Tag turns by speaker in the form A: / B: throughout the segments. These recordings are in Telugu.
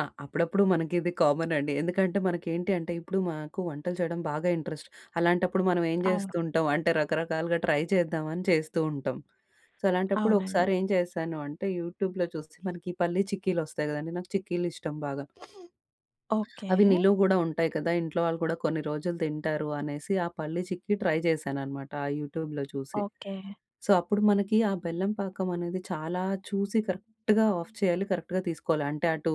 A: ఆ! అప్పుడప్పుడు మనకిది కామనండి. ఎందుకంటే మనకేంటి అంటే ఇప్పుడు మాకు వంటలు చేయడం బాగా ఇంట్రెస్ట్. అలాంటప్పుడు మనం ఏం
B: అవును.
A: జేస్తూంటాం, అంటే రకరకాలుగా ట్రై చేద్దామని చేస్తూ ఉంటాం. సో, అలాంటప్పుడు
B: అవునండి.
A: ఒకసారేం చేశాను అంటే యూటూబ్‌‌లో చూసి మనకి ఈ పల్లి చిక్కీలొస్తాయి గదండీ! నాకు చిక్కీలిష్టం బాగా. అవి
B: ఓకే.
A: నిలువ గూడా ఉంటాయి కదా! ఇంట్లో వాళ్ళు కూడా కొన్ని రోజులు తింటారు అనేసి, ఆ పల్లి చిక్కి ట్రై చేశాననమాట. ఆ యూటూబ్‌‌లో చూసి.
B: ఓకే.
A: సో, అప్పుడు మనకి ఆ బెల్లం పాకమనేది చాలా చూసి కరెక్ట్‌గా ఆఫ్ చేయాలి. కరెక్ట్‌గా తీసుకోవాలి. అంటే అటు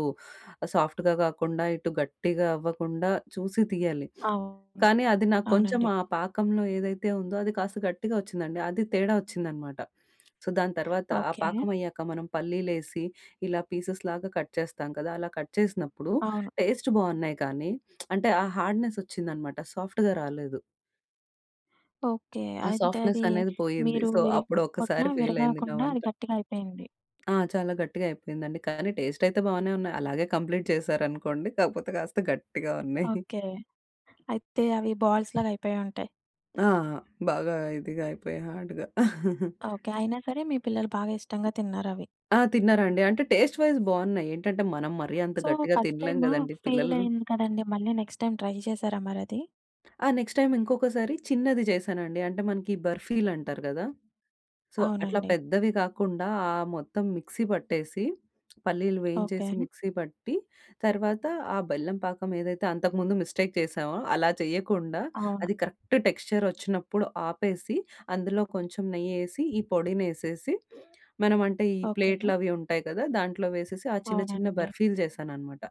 A: సాఫ్ట్‌గా కాకుండా ఇటు గట్టిగా అవ్వకుండా చూసి తీయ్యాలి.
B: అవును.
A: కానీ అది నాకు కొంచెం
B: అవునండి.
A: ఆ పాకంలో ఏదైతే ఉందో అది కాస్త గట్టిగా వచ్చిందండి. అది తేడా వచ్చిందనమాట. సో, దాని తర్వాత ఆ
B: ఓకే.
A: పాకమయ్యాక మనం పల్లీలేసి ఇలా పీసెస్ లాగా కట్ చేస్తాం కదా! అలా కట్ చేసినప్పుడు
B: అవును.
A: టేస్ట్ బావున్నాయి కానీ అంటే ఆ హార్డ్‌నెస్సొచ్చిందనమాట. సాఫ్ట్‌గా రాలేదు.
B: ఓకే.
A: ఆ!
B: అంటే అది
A: సాఫ్ట్‌నెసనేది పోయింది.
B: మీరు
A: సో,
B: విరి
A: అప్పుడు
B: కొట్టిన
A: ఒక్కసారి ఫెయిలయింది నా
B: విరగాకుండా
A: వంట.
B: అది గట్టిగయిపోయింది.
A: ఆ! చాలా గట్టిగా అయిపోయిందండి. కానీ టేస్టయితే బానే ఉన్నాయి. అలాగే కంప్లీట్ చేశారనుకోండి. కాపోతే కాస్త గట్టిగా ఉన్నయి.
B: ఓకే. అయితే అవి బాల్స్ లాగా అయిపోయుంటాయి.
A: ఆ! ఆ! బాగా ఇదిగా అయిపోయి హార్డ్‌గా.
B: ఓకే. అయినా సరే మీ పిల్లలు బాగా ఇష్టంగా తిన్నారవి.
A: ఆ! తిన్నారండి. అంటే టేస్ట్ వైస్ బావున్నాయి. ఏంటంటే మనం మరి అంత
B: సో
A: గట్టిగా
B: ఫస్ట్
A: తినలేం
B: టైము
A: గదండీ! పిల్లలు
B: ఫెయిలయింది కదండీ! మళ్ళీ నెక్స్ట్ టైమ్ ట్రై చేసారా మరది?
A: ఆ! నెక్స్ట్ టైమ్ ఇంకొకసారి చిన్నది చేశానండి. అంటే మనకి బర్ఫీలంటారు గదా! సో, అట్లా
B: అవునండి.
A: పెద్దవి కాకుండా ఆ మొత్తం మిక్సీ పట్టేసి పల్లీలు
B: ఓకే.
A: వేయించేసి మిక్సీ పట్టి తర్వాత ఆ బెల్లం పాకం ఏదైతే అంతకు ముందు మిస్టేక్ చేసామో అలా చేయకుండా
B: అవును.
A: అది కరెక్ట్ టెక్స్చరొచ్చినప్పుడు ఆపేసి, అందులో కొంచెం నెయ్యేసి, ఈ పొడినేసేసి మనం అంటే ఈ
B: ఓకే.
A: ప్లేట్లవి ఉంటాయి కదా! దాంట్లో వేసేసి ఆ చిన్న, చిన్న
B: అవునండి.
A: బర్ఫీలు చేశాననమాట.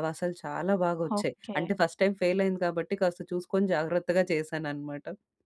A: అవసలు చాలా బాగొచ్చాయి.
B: ఓకే.
A: అంటే ఫస్ట్ టైమ్ ఫెయిలయింది కాబట్టి కాస్త చూసుకొని జాగ్రత్తగా చేశాననమాట.